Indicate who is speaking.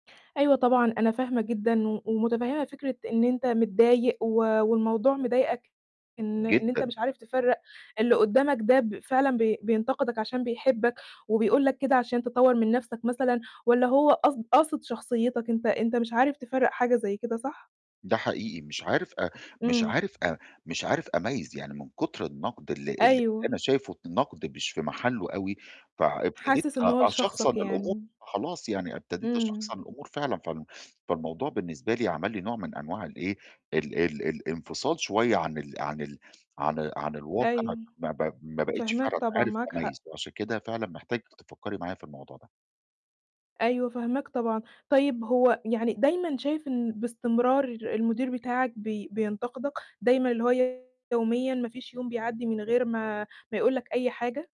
Speaker 1: أيوه طبعًا، أنا فاهمة جدًا و ومتفهمة فكرة إن أنت متضايق، و والموضوع مضايقك إن إن أنت
Speaker 2: جدًا.
Speaker 1: مش عارف تفرّق اللي قدامك ده ب فعلًا ب بينتقدك عشان بيحبك، وبيقول لك كده عشان تطوّر من نَفْسك مثلًا، والّا هو قصد قاصد شخصيتك أنت، أنت مش عارف تفرّق حاجة زي كده صح؟
Speaker 2: ده حقيقي مش عارف أ مش
Speaker 1: إمم.
Speaker 2: عارف أ مش عارف أميّز، يعني من كتر النقد ال اللي أنا
Speaker 1: أيوه.
Speaker 2: شايفه النقد مش في محلّه أوي، فإبتديت
Speaker 1: حاسس إن
Speaker 2: أ
Speaker 1: هو
Speaker 2: أشخصن
Speaker 1: لشخصك
Speaker 2: الأمور
Speaker 1: يعني.
Speaker 2: خلاص يعني، ابتديت
Speaker 1: إمم.
Speaker 2: أشخصن الأمور فعلًا فالموضوع بالنسبة لي عمل لي نوع من أنواع ال إيه ال ال الانفصال شوية عن ال عن ال عن، عن الواقع
Speaker 1: أيوه،
Speaker 2: ما ب ما بقيتش
Speaker 1: فاهماك
Speaker 2: فعلًا
Speaker 1: طبعًا،
Speaker 2: عارف
Speaker 1: معاك حق.
Speaker 2: أميّز، وعشان كده فعلًا محتاج تفكّري معايا في الموضوع ده.
Speaker 1: أيوه فاهماك طبعًا، طيب هو يعني دايمًا شايف إن باستمرار المدير بتاعك بي بينتقدك، دايمًا اللي هو يوميًا ما فيش يوم بيعدّي من غير ما ما يقُول لك أي حاجة؟